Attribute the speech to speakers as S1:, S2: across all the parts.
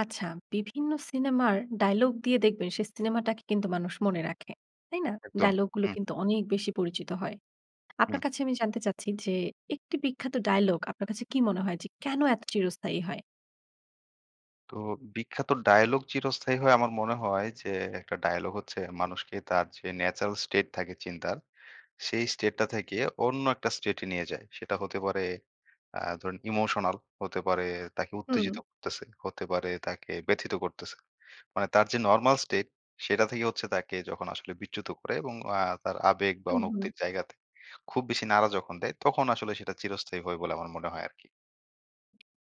S1: আচ্ছা, বিভিন্ন সিনেমার ডায়ালগ দিয়ে দেখবেন সেই সিনেমাটাকে কিন্তু মানুষ মনে রাখে, তাই না?
S2: একদম।
S1: ডায়ালগ গুলো
S2: হুম।
S1: কিন্তু অনেক বেশি পরিচিত হয়। আপনার
S2: হুম।
S1: কাছে আমি জানতে চাচ্ছি যে একটি বিখ্যাত ডায়লগ আপনার কাছে কী মনে হয় যে কেন এত চিরস্থায়ী হয়?
S2: তো বিখ্যাত ডায়ালগ চিরস্থায়ী হয়। আমার মনে হয় যে একটা ডায়ালগ হচ্ছে মানুষকে তার যে ন্যাচারাল স্টেট থাকে চিন্তার, সেই স্টেটটা থেকে অন্য একটা স্টেটে নিয়ে যায়। সেটা হতে পারে আ ধরুন ইমোশনাল, হতে পারে তাকে
S1: হুম।
S2: উত্তেজিত করতেছে, হতে পারে তাকে ব্যথিত করতেছে। মানে তার যে নরমাল স্টেট, সেটা থেকে হচ্ছে তাকে যখন আসলে বিচ্যুত করে এবং অ্যা তার আবেগ বা
S1: হুম, হুম।
S2: অনুভূতির জায়গাতে খুব বেশি নাড়া যখন দেয়, তখন আসলে সেটা চিরস্থায়ী হয় বলে আমার মনে হয় আরকি।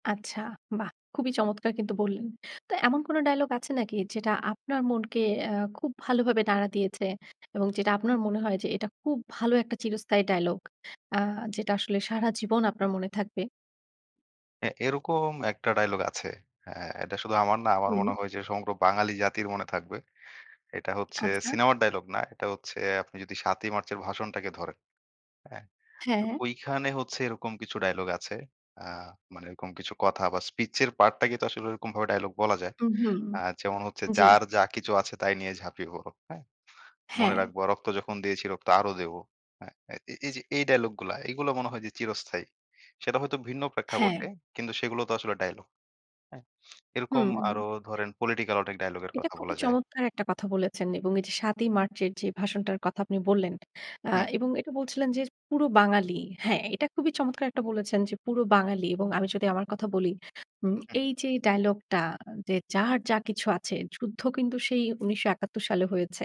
S1: আচ্ছা, বাহ! খুবই চমৎকার কিন্তু বললেন। তো এমন কোন ডায়ালগ আছে নাকি যেটা আপনার মনকে অ্যা খুব ভালোভাবে নাড়া দিয়েছে? এবং যেটা আপনার মনে হয় যে এটা খুব ভালো একটা চিরস্থায়ী ডায়ালগ? আ যেটা আসলে সারা জীবন আপনার মনে থাকবে?
S2: হ্যাঁ এরকম একটা ডায়ালগ আছে। অ্যা এটা শুধু আমার না আমার মনে
S1: হুম।
S2: হয় যে সমগ্র বাঙালি জাতির মনে থাকবে। এটা হচ্ছে
S1: আচ্ছা।
S2: সিনেমার ডায়ালগ না। এটা হচ্ছে আপনি যদি ৭ ই মার্চের ভাষণটাকে ধরেন, হ্যাঁ? তো
S1: হ্যাঁ।
S2: ঐখানে হচ্ছে এরকম কিছু ডায়ালগ আছে। আ মানে এরকম কিছু কথা বা স্পিচ এর পার্টটাকেই তো আসলে ওইরকমভাবে ডায়ালগ বলা যায়।
S1: উম হুম।
S2: আ যেমন হচ্ছে
S1: জি।
S2: "যার যা কিছু আছে তাই নিয়ে ঝাঁপিয়ে পড়ো, হ্যাঁ? মনে
S1: হ্যাঁ।
S2: রাখব রক্ত যখন দিয়েছি রক্ত আরো দেব।" হ্যাঁ? এ এ এই যে এই ডায়ালগ গুলা এগুলো মনে হয় যে চিরস্থায়ী। সেটা হয়তো ভিন্ন
S1: হ্যাঁ।
S2: প্রেক্ষাপটে, কিন্তু সেগুলো তো আসলে ডায়লগ, হ্যাঁ? এরকম
S1: হুম, হুম।
S2: আরো ধরেন পলিটিক্যাল অনেক ডায়ালগের
S1: এটা
S2: কথা
S1: খুবই
S2: বলা যায়।
S1: চমৎকার একটা কথা বলেছেন। এবং এই যে ৭ ই মার্চের যে ভাষণটার কথা আপনি বললেন। অ্যা
S2: হুম।
S1: এবং এটা বলছিলেন যে পুরো বাঙালি হ্যাঁ এইটা খুবই চমৎকার একটা বলেছেন যে পুরো বাঙালি এবং আমি যদি আমার কথা বলি। উম
S2: হুম।
S1: এই যে এই ডায়ালগটা যে, "যার যা কিছু আছে।" যুদ্ধ কিন্তু সেই ১৯৭১ সালে হয়েছে।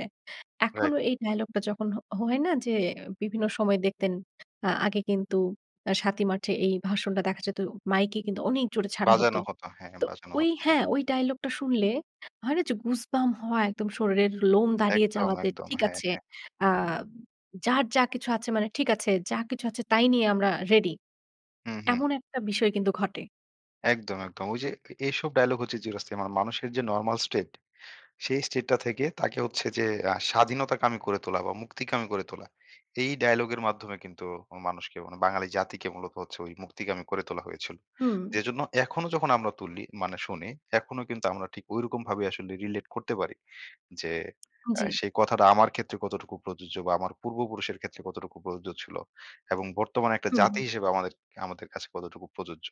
S1: এখনো
S2: রাইট।
S1: এই ডায়ালগটা যখন হ হয় না যে বিভিন্ন সময় দেখতেন? আ আগে কিন্তু ৭ ই মার্চে এই ভাষণটা দেখা যেত মাইকে কিন্তু অনেক জোরে ছাড়া হত।
S2: বাজানো হতো হ্যাঁ,
S1: তো
S2: বাজানো
S1: ওই
S2: হতো হ্যাঁ।
S1: হ্যাঁ ওই ডায়ালগটা শুনলে হয় না যে গুজবাম্প হওয়া একদম শরীরের লোম দাঁড়িয়ে
S2: একদম,
S1: যাওয়া? যে
S2: একদম।
S1: ঠিক
S2: হ্যাঁ,
S1: আছে,
S2: হ্যাঁ।
S1: আ যার যা কিছু আছে মানে ঠিক আছে যা কিছু আছে তাই নিয়ে আমরা রেডি।
S2: হু, হু।
S1: এমন একটা বিষয় কিন্তু ঘটে।
S2: একদম, একদম। ওই যে এ এসব ডায়ালগ হচ্ছে চিরস্থায়ী। মানুষের যে নরমাল স্টেট, সেই স্টেটটা থেকে তাকে হচ্ছে যে আ স্বাধীনতাকামী করে তোলা বা মুক্তিকামী করে তোলা। এই ডায়ালগের মাধ্যমে কিন্তু অ মানুষকে মানে বাঙালি জাতিকে মূলত হচ্ছে ঐ মুক্তিকামী করে তোলা হয়েছিল।
S1: হুম।
S2: যে জন্য এখনো যখন আমরা তুলি মানে শুনি, এখনো কিন্তু আমরা ঠিক ঐরকমভাবে আসলে রিলেট করতে পারি। যে
S1: উম
S2: অ্যা
S1: জি।
S2: সেই কথাটা আমার ক্ষেত্রে কতটুকু প্রযোজ্য বা আমার পূর্বপুরুষের ক্ষেত্রে কতটুকু প্রযোজ্য ছিল। এবং বর্তমানে একটা
S1: হুম।
S2: জাতি হিসেবে আমাদের আমাদের কাছে কতটুকু প্রযোজ্য।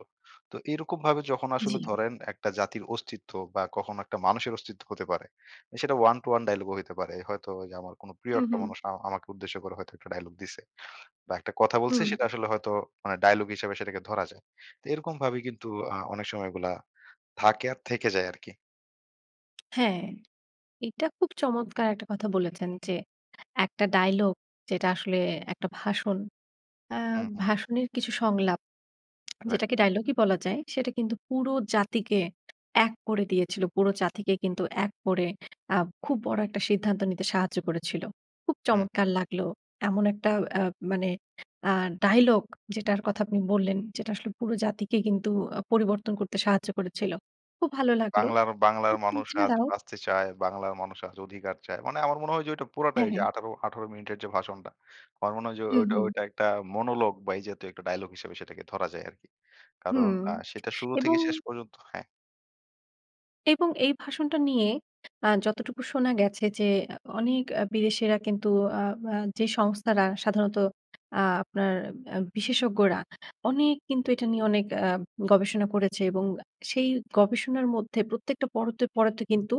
S2: তো এরকমভাবে যখন আসলে
S1: জি।
S2: ধরেন একটা জাতির অস্তিত্ব বা কখনো একটা মানুষের অস্তিত্ব হতে পারে। অ্যা সেটা 1 to 1 ডায়ালগও হইতে পারে। হয়তো ওইযে আমার কোনো প্রিয়
S1: হুম,
S2: একটা
S1: হুম।
S2: মানুষ আ আমাকে উদ্দেশ্য করে হয়তো একটা ডায়ালগ দিছে। বা একটা কথা বলছে
S1: হুম।
S2: সেটা আসলে হয়তো মানে ডায়ালগ হিসাবে সেটাকে ধরা যায়। তো এরকমভাবেই কিন্তু আ অনেক সময় এগুলো থাকে আর থেকে যায় আরকি।
S1: হ্যাঁ। এটা খুব চমৎকার একটা কথা বলেছেন। যে একটা ডায়ালগ যেটা আসলে একটা ভাষণ অ্যা
S2: হু, হু।
S1: ভাষণের কিছু সংলাপ।
S2: রাইট।
S1: যেটাকে ডায়লগই বলা যায় সেটা কিন্তু পুরো জাতিকে ১ করে দিয়েছিল। পুরো জাতিকে কিন্তু ১ করে আ খুব বড় একটা সিদ্ধান্ত নিতে সাহায্য করেছিল। খুব
S2: হুম।
S1: চমৎকার লাগলো। এমন একটা আ মানে আ ডায়লগ, যেটার কথা আপনি বললেন। যেটা আসলে পুরো জাতিকে কিন্তু আ পরিবর্তন করতে সাহায্য করেছিল। খুব ভালো লাগলো।
S2: "বাংলার বাংলার
S1: উম তা
S2: মানুষ আজ
S1: ছাড়াও
S2: বাঁচতে চায়, বাংলার মানুষ আজ অধিকার চায়।" মানে আমার মনে হয় ওইযে ওটা পুরাটাই
S1: হ্যাঁ,
S2: ওইযে
S1: হ্যাঁ।
S2: ১৮ ১৮ মিনিটের যে ভাষণটা আমার মনে হয় যে ও
S1: হু,
S2: ওইট
S1: হু।
S2: ওইটা একটা মনোলগ বা এই জাতীয় একটা ডায়ালগ হিসাবে সেটাকে ধরা যায় আরকি। কারণ
S1: হুম
S2: আ সেটা শুরু থেকে
S1: এবং
S2: শেষ পর্যন্ত হ্যাঁ।
S1: এবং এই ভাষণটা নিয়ে আ যতটুকু শোনা গেছে যে, এ অনেক এ বিদেশীরা কিন্তু আ আ যে সংস্থারা সাধারণত আপনার আ বিশেষজ্ঞরা অনেক কিন্তু এটা নিয়ে অনেক আ গবেষণা করেছে এবং আ সেই গবেষণার মধ্যে প্রত্যেকটা পরতে, পরতে কিন্তু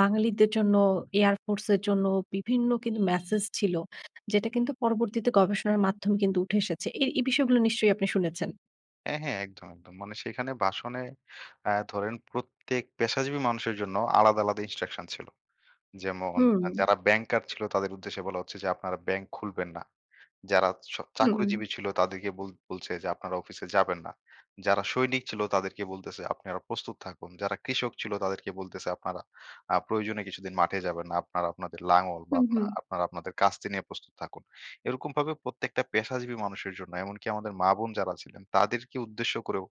S1: বাঙালিদের জন্য air force এর জন্য বিভিন্ন কিন্তু মেসেজ ছিল। যেটা কিন্তু পরবর্তীতে গবেষণার মাধ্যম কিন্তু উঠে এসেছে। এই এই বিষয়গুলো নিশ্চয়ই আপনি শুনেছেন।
S2: হ্যাঁ, হ্যাঁ। একদম, একদম। মানে সেইখানে বাসনে অ্যা ধরেন প্রত্যেক পেশাজীবী মানুষের জন্য আলাদা, আলাদা instruction ছিল। যেমন আ
S1: হুম।
S2: যারা ব্যাংকার ছিল, তাদের উদ্দেশ্যে বলা হচ্ছে যে, "আপনারা ব্যাংক খুলবেন না।" যারা স
S1: হুম।
S2: চাকরিজীবী ছিল তাদেরকে বল বলছে যে, "আপনারা অফিসে যাবেন না।" যারা সৈনিক ছিল তাদেরকে বলতেছে, "আপনারা প্রস্তুত থাকুন।" যারা কৃষক ছিল তাদেরকে বলতেছে, "আপনারা আ প্রয়োজনে কিছুদিন মাঠে যাবেন না। আপনারা আপনাদের লাঙ্গল বা
S1: হুম,
S2: আপনা
S1: হুম।
S2: আপনারা আপনাদের কাস্তি নিয়ে প্রস্তুত থাকুন।" এরকমভাবে প্রত্যেকটা পেশাজীবী মানুষের জন্য, এমনকি আমাদের মা-বোন যারা ছিলেন তাদেরকে উদ্দেশ্য করেও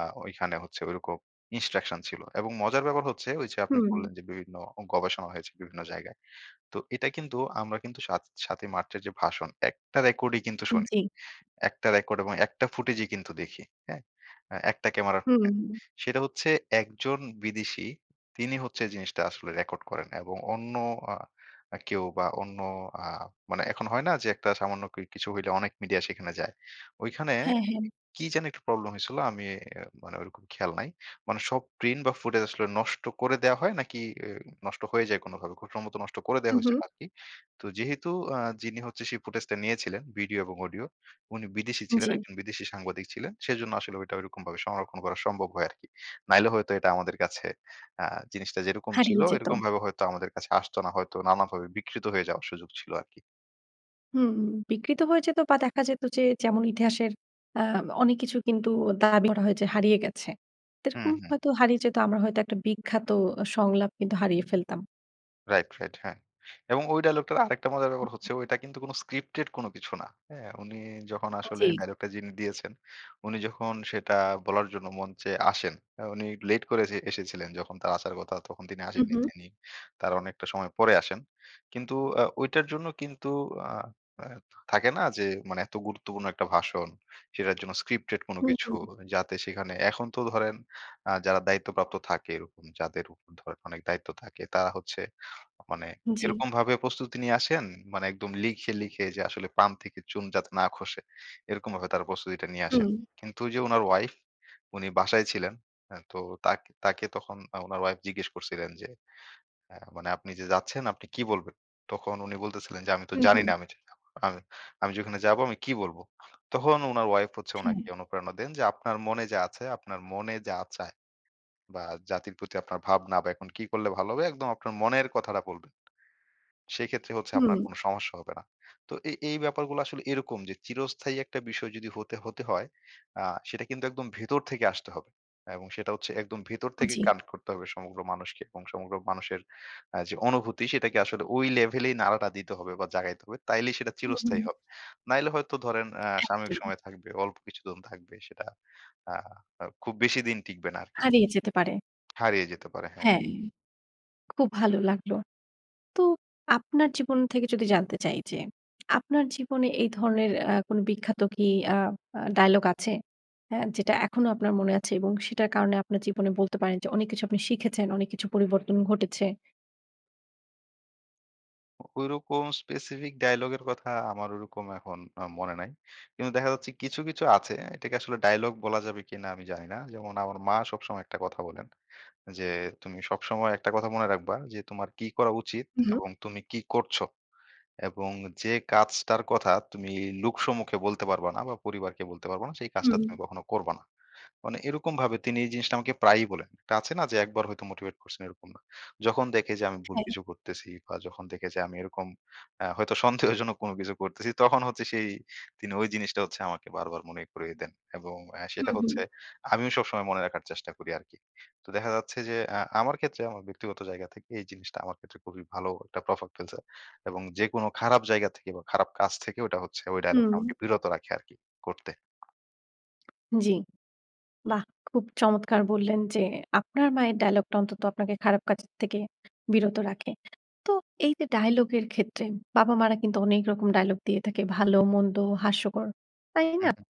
S2: আ ঐখানে হচ্ছে ঐরকম instruction ছিল এবং মজার ব্যাপার হচ্ছে ঐযে আপনি
S1: হুম।
S2: বললেন যে বিভিন্ন অ গবেষণা হয়েছে বিভিন্ন জায়গায়। তো এটা কিন্তু আমরা কিন্তু সাত ৭ই মার্চের যে ভাষণ, ১ টা রেকর্ডই কিন্তু
S1: উম
S2: শুনি।
S1: জি।
S2: ১ টা রেকর্ড এবং ১ টা ফুটেজই কিন্তু দেখি, হ্যাঁ? আ একটা ক্যামেরার [unintelligible]
S1: হুম।
S2: সেটা হচ্ছে একজন বিদেশী, তিনি হচ্ছে এ জিনিসটা আসলে রেকর্ড করেন এবং অন্য আ আ কেউ বা, অন্য আ মানে এখন হয় না? যে একটা সামান্য কি কিছু হইলে অনেক মিডিয়া সেখানে যায়। ওইখানে
S1: হ্যাঁ, হ্যাঁ।
S2: কি যেন একটু প্রবলেম হয়েছিল আমি এ অ্যা মানে ওইরকম খেয়াল নাই। মানে সব প্রিন্ট বা, ফুটেজ আসলে নষ্ট করে দেওয়া হয় নাকি, এ নষ্ট হয়ে যায় কোনভাবে। খুব সম্ভবত নষ্ট করে
S1: হু,
S2: দেওয়া হইছিল
S1: হু।
S2: আরকি। তো যেহেতু আ যিনি হচ্ছে সেই ফুটেজটা নিয়েছিলেন ভিডিও এবং অডিও, উনি বিদেশী ছিলেন
S1: জি।
S2: একজন বিদেশী সাংবাদিক ছিলেন। সেজন্য আসলে ঐটা ঐরকমভাবে সংরক্ষণ করা সম্ভব হয় আরকি। নাইলে হয়তো এটা আমাদের কাছে আ জিনিসটা যেরকম ছিল,
S1: হারিয়ে যেতো।
S2: এরকমভাবে হয়তো আমাদের কাছে আসতো না। হয়তো নানাভাবে বিকৃত হয়ে যাওয়ার সুযোগ ছিল আরকি।
S1: হুম। বিকৃত হয়ে যেত বা দেখা যেত যে যেমন ইতিহাসের অ্যাম অনেক কিছু কিন্তু দাবি করা হয় যে হারিয়ে গেছে।
S2: হু,
S1: সেরকম
S2: হু।
S1: হয়তো হারিয়ে যেত। আমরা হয়তো একটা বিখ্যাত সংলাপ কিন্তু হারিয়ে ফেলতাম।
S2: রাইট, রাইট হ্যাঁ। এবং ওই ডায়ালগটার আরেকটা মজার
S1: হু,
S2: ব্যাপার
S1: হু।
S2: হচ্ছে ওইটা কিন্তু কোন স্ক্রিপ্টেড কোন কিছু না, হ্যাঁ? উনি যখন
S1: আ
S2: আসলে
S1: জি।
S2: ডায়লগটা যিনি দিয়েছেন, উনি যখন সেটা বলার জন্য মঞ্চে আসেন, আ উনি লেট করে এসে এসেছিলেন। যখন তার আসার কথা তখন তিনি
S1: হু,
S2: আসেননি
S1: হু।
S2: তিনি। তার অনেকটা সময় পরে আসেন। কিন্তু এ ঐটার জন্য কিন্তু আ এ থাকে না যে মানে এত গুরুত্বপূর্ণ একটা ভাষণ সেটার জন্য স্ক্রিপ্টেড কোন
S1: হুম,
S2: কিছু।
S1: হুম।
S2: যাতে সেখানে এখন তো ধরেন আ যারা দায়িত্বপ্রাপ্ত থাকে এরকম যাদের উপর ধরেন অনেক দায়িত্ব থাকে তারা হচ্ছে মানে
S1: হুম জি।
S2: এরকমভাবে প্রস্তুতি নিয়ে আসেন, মানে একদম লিখে, লিখে যে আসলে পান থেকে চুন যাতে না খসে। এরকমভাবে তারা প্রস্তুতিটা নিয়ে আসেন।
S1: হুম।
S2: কিন্তু ওই যে উনার ওয়াইফ, উনি বাসায় ছিলেন। এ তো তাক তাকে তখন আ উনার ওয়াইফ জিজ্ঞেস করছিলেন যে এ মানে, "আপনি যে যাচ্ছেন আপনি কী বলবেন?" তখন উনি বলতেছিলেন যে, "আমি তো
S1: হু, হু।
S2: জানি না আমি [unintelligible] আমি আমি যে ওইখানে যাবো আমি কী বলব?" তখন উনার ওয়াইফ হচ্ছে
S1: হুম।
S2: উনাকে অনুপ্রেরণা দেন যে, "আপনার মনে যা আছে, আপনার মনে যা চায়। বা জাতির প্রতি আপনার ভাবনা বা এখন কী করলে ভালো হবে? একদম আপনার মনের কথাটা বলবেন। সেইক্ষেত্রে হচ্ছে আপনার
S1: হুম।
S2: কোন সমস্যা হবে না।" তো এই, এই ব্যাপারগুলা আসলে এইরকম যে চিরস্থায়ী একটা বিষয় যদি হতে, হতে হয় আ সেটা কিন্তু একদম ভেতর থেকে আসতে হবে। হ্যাঁ এবং সেটা হচ্ছে একদম ভেতর
S1: উম
S2: থেকে
S1: জি।
S2: কানেক্ট করতে হবে সমগ্র মানুষকে এবং সমগ্র মানুষের অ্যা যে অনুভূতি সেটাকে আসলে ওই লেভেলেই নাড়াটা দিতে হবে বা জাগাইতে হবে। তাইলেই সেটা
S1: হু,
S2: চিরস্থায়ী
S1: হু।
S2: হবে। নাহলে হয়তো ধরেন অ্যা সাময়িক
S1: একদম।
S2: সময় থাকবে। অল্প কিছুদিন থাকবে সেটা আ অ খুব বেশি দিন টিকবে না আরকি।
S1: হারিয়ে যেতে পারে।
S2: হারিয়ে যেতে পারে হ্যাঁ।
S1: হ্যাঁ। খুব ভাল লাগল। তো আপনার জীবন থেকে যদি জানতে চাই যে, আপনার জীবনে এই ধরনের অ্যা কোন বিখ্যাত কি অ্যা আ ডায়ালগ আছে? অ্যা যেটা এখনো আপনার মনে আছে? এবং সেইটার কারণে আপনার জীবনে বলতে পারেন যে অনেক কিছু আপনি শিখেছেন, অনেক কিছু পরিবর্তন ঘটেছে?
S2: ঐরকম specific ডায়ালগের এর কথা আমার ঐরকম এখন আ মনে নাই। কিন্তু দেখা যাচ্ছে কিছু, কিছু আছে। এটাকে আসলে ডায়ালগ বলা যাবে কিনা আমি জানি না। যেমন আমার মা সবসময় ১ টা কথা বলেন যে, "তুমি সবসময় একটা কথা মনে রাখবা যে তোমার কি করা উচিত
S1: হুম।
S2: এবং তুমি কি করছো এবং যে কাজটার কথা তুমি লোকসম্মুখে বলতে পারবা না বা পরিবারকে বলতে পারবা না সেই কাজটা
S1: হুম।
S2: তুমি কখনো করবা না।" মানে এরকমভাবে তিনি এই জিনিসটা আমাকে প্রায়ই বলেন। একটা আছে না যে ১ বার হয়তো motivate করছেন এরকম না। যখন দেখে যে আমি ভুল
S1: হ্যাঁ।
S2: কিছু করতেছি বা যখন দেখে যে আমি এরকম অ্যা হয়তো সন্দেহজনক কোন কিছু করতেছি তখন হচ্ছে সেই তিনি ঐ জিনিসটা হচ্ছে আমাকে বারবার মনে করিয়ে দেন এবং অ্যা সেটা
S1: হুম, হুম।
S2: হচ্ছে আমিও সবসময় মনে রাখার চেষ্টা করি আরকি। তো দেখা যাচ্ছে যে আ আমার ক্ষেত্রে আমার ব্যক্তিগত জায়গা থেকে এই জিনিসটা আমার ক্ষেত্রে খুবই ভালো একটা প্রভাব ফেলছে এবং যেকোনো খারাপ জায়গা থেকে বা খারাপ কাজ থেকে ঐটা হচ্ছে ঐ ডায়ালগটা
S1: হুম।
S2: আমাকে বিরত রাখে আরকি করতে।
S1: জি। বাহ! খুব চমৎকার বললেন যে, আপনার মায়ের ডায়ালগটা অন্তত আপনাকে খারাপ কাজের থেকে বিরত রাখে। তো এইযে ডায়ালগের ক্ষেত্রে বাবা-মারা কিন্তু অনেক রকম ডায়ালগ দিয়ে থাকে। ভালো, মন্দ, হাস্যকর। তাই
S2: হুম,
S1: না?
S2: হুম।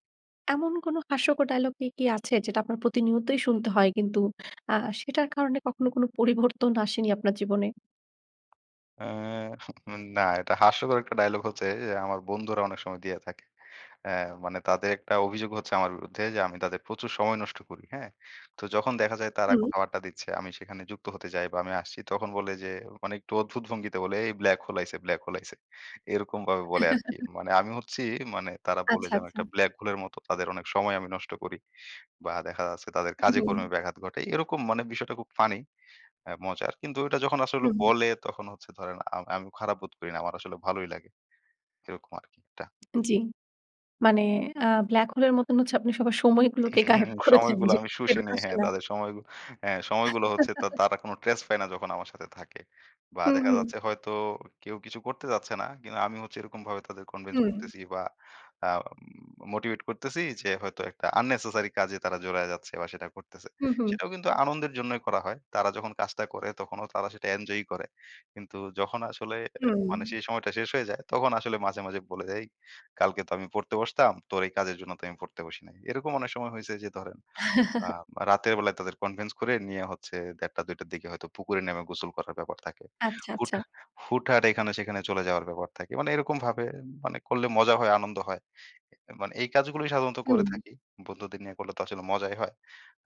S1: এমন কোন হাস্যকর ডায়ালগ কি কি আছে যেটা আপনার প্রতিনিয়তই শুনতে হয়, কিন্তু আ সেটার কারণে কখনো কোন পরিবর্তন আসেনি আপনার জীবনে?
S2: অ্যা উন না। এটা হাস্যকর একটা ডায়ালগ হচ্ছে এ আমার বন্ধুরা অনেক সময় দিয়ে থাকে। অ্যা মানে তাদের একটা অভিযোগ হচ্ছে আমার বিরুদ্ধে যে, আমি তাদের প্রচুর সময় নষ্ট করি, হ্যাঁ? তো যখন দেখা যায় তারা
S1: হুম।
S2: কোথাও আড্ডা দিচ্ছে, আমি সেখানে যুক্ত হতে যাই বা, আমি আসছি, তখন বলে যে, মানে একটু অদ্ভুত ভঙ্গিতে বলে, "এই black hole আইছে, black hole আইছে।" এরকমভাবে বলে আরকি। মানে আমি হচ্ছি মানে তারা বলে
S1: আচ্ছা,
S2: যে আমি
S1: আচ্ছা।
S2: একটা black hole এর মতো, তাদের অনেক সময় আমি নষ্ট করি বা, দেখা যাচ্ছে তাদের
S1: হুম, হুম।
S2: কাজে-কর্মে ব্যাঘাত ঘটে। এরকম মানে বিষয়টা খুব ফানি, অ্যা মজার। কিন্তু ঐটা যখন আসলে
S1: হুম।
S2: বলে তখন হচ্ছে ধরেন আ আমি খারাপ বোধ করি না। আমার আসলে ভালোই লাগে। এরকম আরকি টা
S1: উম জি। মানে আ black hole এর মতন হচ্ছে আপনি সবার সময়গুলোকে গায়েব করে দেন,
S2: সময়গুলো
S1: যে
S2: আমি শুষে
S1: ফেরত
S2: নেই।
S1: আসে
S2: হ্যাঁ।
S1: না।
S2: তাদের সময়গু হ্যাঁ, সময়গুলো হচ্ছে তা তারা কোন trace পায় না যখন আমার সাথে থাকে। বা
S1: হুম,
S2: দেখা
S1: হুম।
S2: যাচ্ছে হয়তো কেউ কিছু করতে যাচ্ছে না, কিন্তু আমি হচ্ছে এরকমভাবে তাদের কনভেন্স
S1: হুম।
S2: করতেছি বা আ উম মোটিভেট করতেছি যে হয়তো একটা unnecessary কাজে তারা জড়ায় যাচ্ছে বা, সেটা করতেছে।
S1: হুম, হুম।
S2: সেটাও কিন্তু আনন্দের জন্যই করা হয়। তারা যখন কাজটা করে তখনও তারা সেটা এঞ্জয়ই করে। কিন্তু যখন আসলে অ্যা
S1: হুম।
S2: মানে সেই সময়টা শেষ হয়ে যায়, তখন আসলে মাঝে, মাঝে বলে যে, "এই! কালকে তো আমি পড়তে বসতাম, তোর এই কাজের জন্য তো আমি পড়তে বসি নাই।" এরকম অনেক সময় হইছে যে ধরেন আ বা রাতের বেলায় তাদের কনভেন্স করে নিয়ে হচ্ছে ০১:৩০ টা ০২:০০ টার দিকে হয়তো পুকুরে নেমে গোসল করার ব্যাপার থাকে।
S1: আচ্ছা,
S2: হুট
S1: আচ্ছা।
S2: হুটহাট এইখানে সেইখানে চলে যাওয়ার ব্যাপার থাকে। মানে এরকমভাবে মানে করলে মজা হয়, আনন্দ হয়। অ্যা মানে এই কাজগুলোই সাধারণত করে
S1: হুম।
S2: থাকি। বন্ধুদের নিয়ে করলে তো আসলে মজাই হয়।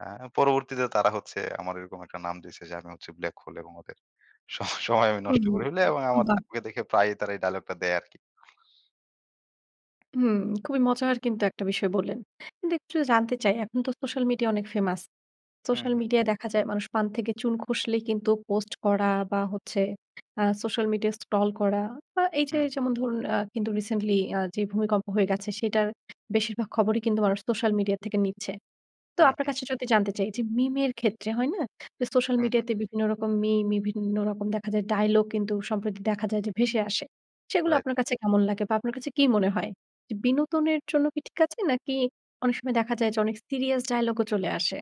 S2: অ্যা পরবর্তীতে তারা হচ্ছে আমার এরকম একটা নাম দিছে যে, যে আম হচ্ছি black hole এবং ওদের সব সময় আমি
S1: হুম,
S2: নষ্ট
S1: হুম।
S2: করে ফেলি এবং
S1: উম
S2: আমাদ
S1: বাহ!
S2: [unintelligible] দেখে প্রায়ই তারা এই ডায়ালগটা দেয় আরকি।
S1: হুম, খুবই মজার কিন্তু একটা বিষয় বললেন। দে একটু জানতে চাই। এখন তো সোশ্যাল মিডিয়া অনেক ফেমাস।
S2: হুম,
S1: সোশ্যাল
S2: হুম।
S1: মিডিয়ায় দেখা যায় মানুষ পান থেকে চুন খসলেই কিন্তু পোস্ট করা বা হচ্ছে আ সোশ্যাল মিডিয়া scroll করা বা এইযে,
S2: হুম।
S1: যেমন ধরুন আ কিন্তু রিসেন্টলি আ যে, ভূমিকম্প হয়ে গেছে সেটার বেশিরভাগ খবরই কিন্তু মানুষ সোশ্যাল মিডিয়া থেকে নিচ্ছে। তো
S2: হুম,
S1: আপনার
S2: হুম।
S1: কাছে যোদি জানতে চাই যে, মিম এর ক্ষেত্রে হয় না? সোশ্যাল
S2: হুম,
S1: মিডিয়া
S2: হুম।
S1: তে বিভিন্ন রকম মিম বিভিন্ন রকম দেখা যায় ডায়লগ কিন্তু সম্প্রতি দেখা যায় যে, ভেসে আসে। সেগুলো
S2: রাইট।
S1: আপনার কাছে কেমন লাগে বা আপনার কাছে কী মনে হয়? বিনোদনের জন্য কি ঠিক আছে? নাকি অনেক সময় দেখা যায় যে, অনেক সিরিয়াস ডায়ালগ ও চলে আসে?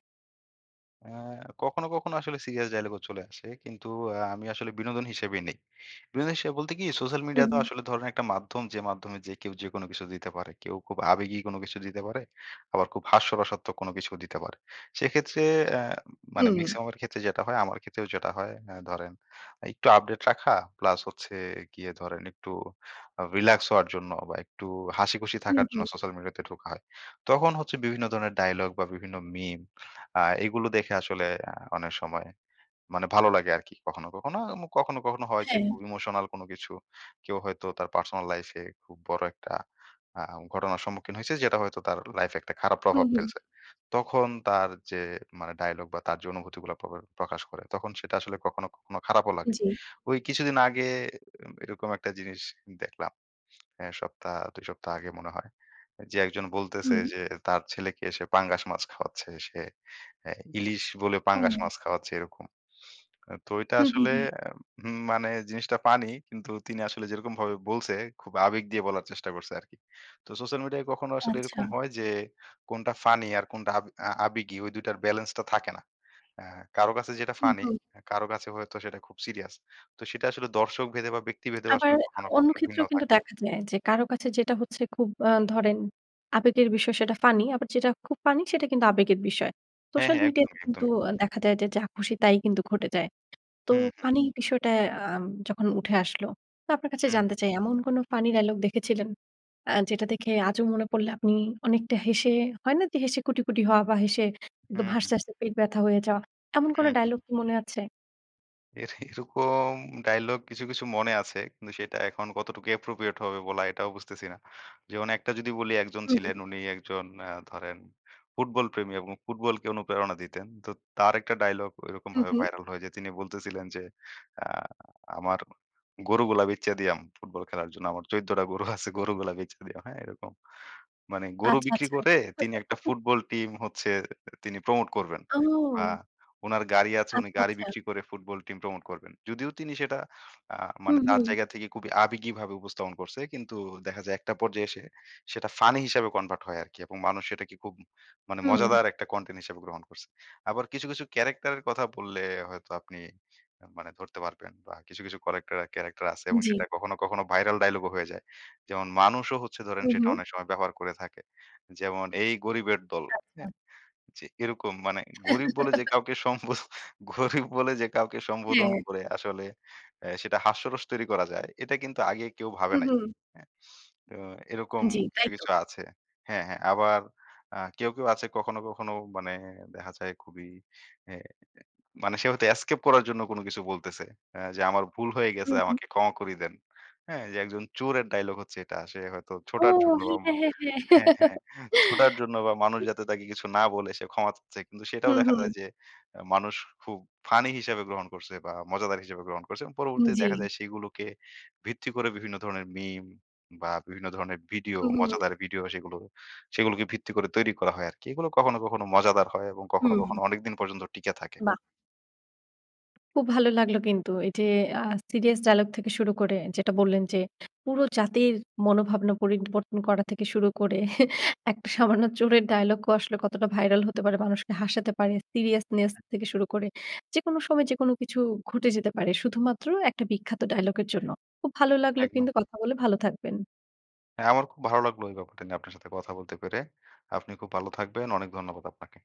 S2: অ্যা কখনো, কখনো আসলে সিরিয়াস ডায়ালগও চলে আসে। কিন্তু আ আমি আসলে বিনোদন হিসেবেই নেই। বিনোদন হিসেবে বলতে কি সোশ্যাল মিডিয়া
S1: হুম,
S2: তো
S1: হুম।
S2: আসলে ধরেন একটা মাধ্যম, যে, মাধ্যমে যে, কেউ যেকোনো কিছু দিতে পারে। কেউ খুব আবেগী কোনো কিছু দিতে পারে। আবার খুব হাস্যরসাত্মক কিছুও দিতে পারে। সেক্ষেত্রে অ্যা মানে
S1: হুম।
S2: মেক্সিমামের ক্ষেত্রে যেটা হয়, আমার ক্ষেত্রেও যেটা হয়, অ্যা ধরেন এ একটু আপডেট রাখা প্লাস হচ্ছে গিয়ে ধরেন একটু আ রিল্যাক্স হওয়ার জন্য বা একটু হাসিখুশি
S1: হুম,
S2: থাকার জন্য
S1: হুম।
S2: সোশ্যাল মিডিয়া তে ঢোকা হয়। তখন হচ্ছে বিভিন্ন ধরনের ডায়ালগ বা বিভিন্ন মিম আ এগুলো দেখে আসলে অ্যা অনেক সময় মানে ভালো লাগে আরকি। কখনো, কখনো, মু কখনো, কখনো হয় যে,
S1: হ্যাঁ।
S2: খুব ইমোশনাল কোনো কিছু কেউ হয়তো তার পার্সোনাল লাইফে খুব বড় একটা আ ঘটনার সম্মুখীন হইছে। যেটা হয়তো তার লাইফে একটা খারাপ
S1: হুম,
S2: প্রভাব
S1: হুম।
S2: ফেলছে। তখন তার যে, মানে ডায়ালগ বা তার যে, অনুভূতিগুলা প প্রকাশ করে তখন সেটা আসলে কখনো, কখনো খারাপও লাগে।
S1: জি।
S2: ঐ কিছুদিন আগে এ এরকম একটা জিনিস দেখলাম। হ্যাঁ? সপ্তাহ ২ সপ্তাহ আগে মনে হয়। যে, একজন বলতেছে
S1: হুম।
S2: যে, তার ছেলেকে সে পাঙ্গাস মাছ খাওয়াচ্ছে সে, অ্যা ইলিশ বলে পাঙ্গাস
S1: ও।
S2: মাছ খাওয়াচ্ছে এরকম। অ্যা তো এইটা
S1: হুম, হুম।
S2: আসলে
S1: হুম।
S2: এ উম মানে জিনিসটা পানি কিন্তু তিনি আসলে যেরকমভাবে বলছে খুব আবেগ দিয়ে বলার চেষ্টা করছে আরকি। তো সোশ্যাল মিডিয়ায় কখনো আসলে
S1: আচ্ছা।
S2: এরকম হয় যে, কোনটা ফানি আর কোনটা আব আ আবেগী ঐ ২ টার বেলেন্সটা থাকে না। অ্যা কারো কাছে যেটা
S1: হুম,
S2: ফানি
S1: হুম।
S2: কারো কাছে হয়তো সেটা খুব সিরিয়াস। তো সেটা আসলে দর্শক ভেদে বা ব্যক্তিভেদেও
S1: আবার
S2: আসলে কখনো,
S1: অন্য
S2: কখনো ভিন্ন
S1: ক্ষেত্রেও কিন্তু
S2: থাকে।
S1: দেখা যায় যে, কারো কাছে যেটা হচ্ছে খুব আ ধরেন আবেগের বিষয় সেটা ফানি আবার যেটা খুব ফানি সেটা কিন্তু আবেগের বিষয়।
S2: হ্যাঁ,
S1: সোশ্যাল
S2: হ্যাঁ।
S1: মিডিয়াতে
S2: একদমই,
S1: কিন্তু
S2: একদমই।
S1: দেখা যায় যে, যা খুশি তাই কিন্তু ঘটে যায়। তো
S2: হুম, হুম।
S1: ফানি বিষয়টা আ যখন উঠে আসলো তো আপনার কাছে
S2: হুম,
S1: জানতে
S2: হুম।
S1: চাই এমন কোন ফানি ডায়ালগ দেখেছিলেন আ যেটা দেখে আজও মনে পড়লে আপনি অনেকটা হেসে হয় না যে, হেসে কুটি, কুটি হওয়া বা হেসে একদম
S2: হুম, হুম।
S1: হাসতে, হাসতে পেট ব্যথা হয়ে যাওয়া, এমন কোন
S2: হুম, হুম।
S1: ডায়ালগ কি মনে আছে?
S2: এর এরকম dialogue কিছু, কিছু মনে আছে কিন্তু সেটা এখন কতটুকু appropriate হবে বলা এটাও বুঝতেছি না। যেমন একটা যদি বলি একজন
S1: হুম।
S2: ছিলেন উনি একজন আ ধরেন ফুটবল প্রেমী এবং ফুটবলকে অনুপ্রেরণা দিতেন। তো তার একটা dialogue
S1: হুম,
S2: ঐরকমভাবে
S1: হুম।
S2: viral হয় যে তিনি বলতেছিলেন, ‘’আ আমার গরু গুলো বেইচ্চা দিয়াম ফুটবল খেলার জন্য। আমার ১৪ টা গরু আছে, গরুগুলা বেইচ্চা দিয়াম।‘’ হ্যাঁ এরকম। মানে গরু
S1: আচ্ছা,
S2: বিক্রি
S1: আচ্ছা।
S2: করে তিনি একটা Football team হচ্ছে তিনি promote করবেন। আ
S1: ও।
S2: উনার গাড়ি আছে উনি
S1: আচ্ছা,
S2: গাড়ি
S1: আচ্ছা।
S2: বিক্রি করে Football team promote করবেন। যদিও তিনি সেটা আ মানে
S1: হুম,
S2: তার
S1: হুম।
S2: জায়গা থেকে খুবই আবেগীভাবে উপস্থাপন করছে, কিন্তু দেখা যায় একটা পর্যায়ে এসে সেটা ফানি হিসাবে convert হয় আরকি এবং মানুষ সেটাকে খুব মানে
S1: হুম।
S2: মজাদার একটা content হিসেবে গ্রহণ করছে। আবার কিছু, কিছু character কথা বললে হয়তো আপনি মানে ধরতে পারবেন বা কিছু, কিছু character character আছে এবং
S1: জি।
S2: সেটা কখনো, কখনো viral dialogue ও হয়ে যায়। যেমন মানুষও হচ্ছে ধরেন
S1: হুম,
S2: সেটা
S1: হুম।
S2: অনেক সময় ব্যবহার করে থাকে। যেমন, ‘’এই গরিবের দল,‘’
S1: আচ্ছা।
S2: হ্যাঁ? যে এরকম মানে গরিব বলে যে কাউকে সম্বোধন গরিব বলে যে কাউকে সম্বোধন
S1: হ্যাঁ।
S2: করে আসলে আ সেটা হাস্যরস তৈরি করা যায় এটা কিন্তু আগে কেউ ভাবে
S1: হুম,
S2: নাই,
S1: হুম।
S2: হ্যাঁ? তো এরকম
S1: জি,
S2: কিছু,
S1: তাই তো।
S2: কিছু আছে। হ্যাঁ, হ্যাঁ আবার আ কেউ, কেউ আছে কখনো, কখনো মানে দেখা যায় খুবই এ মানে সে হয়তো escape করার জন্য কোন কিছু বলতেছে এ যে আমার ভুল হয়ে গেছে
S1: হুম, হুম।
S2: আমাকে ক্ষমা করি দেন। হ্যাঁ, যে একজন চোরের dialogue হচ্ছে এটা। সে হয়তো
S1: ও।
S2: ছোটার জন্য বা ম
S1: হ্যাঁ, হ্যাঁ, হ্যাঁ।
S2: হ্যাঁ, হ্যাঁ ছোটার জন্য বা মানুষ
S1: জি।
S2: যাতে তাকে কিছু না বলে সে ক্ষমা চাচ্ছে। কিন্তু সেটাও
S1: হুম,
S2: দেখা
S1: হুম।
S2: যায় যে এ মানুষ খুব ফানি হিসাবে গ্রহণ করছে বা মজাদার হিসেবে গ্রহণ করছে এবং
S1: উম
S2: পরবর্তীতে
S1: জি।
S2: দেখা যায় সেগুলোকে ভিত্তি করে বিভিন্ন ধরনের meme বা বিভিন্ন ধরনের video
S1: হুম, হুম।
S2: মজাদার video সেগুলো, সেগুলোকে ভিত্তি করে তৈরি করা হয় আরকি। এগুলো কখনো, কখনো মজাদার হয় এবং কখনো,
S1: হুম।
S2: কখনো অনেক দিন পর্যন্ত টিকে থাকে।
S1: বাহ। খুব ভালো লাগলো কিন্তু এই যে আ serious dialogue থেকে শুরু করে যেটা বললেন যে পুরো জাতির মনোভাবনা পরিবর্তন করা থেকে শুরু করে একটা সামান্য চোরের dialogue আসলে কতটা ভাইরাল হতে পারে? মানুষকে হাসাতে পারে। seriousness থেকে শুরু করে। যেকোনো সময় যেকোনো কিছু ঘটে যেতে পারে। শুধুমাত্র একটা বিখ্যাত dialogue এর জন্য। খুব ভালো লাগলো
S2: একদম।
S1: কিন্তু কথা বলে, ভালো থাকবেন।
S2: হ্যাঁ আমারো খুব ভালো লাগলো এই ব্যাপারটা নিয়ে আপনার সাথে কথা বলতে পেরে। আপনি খুব ভালো থাকবেন। অনেক ধন্যবাদ আপনাকে।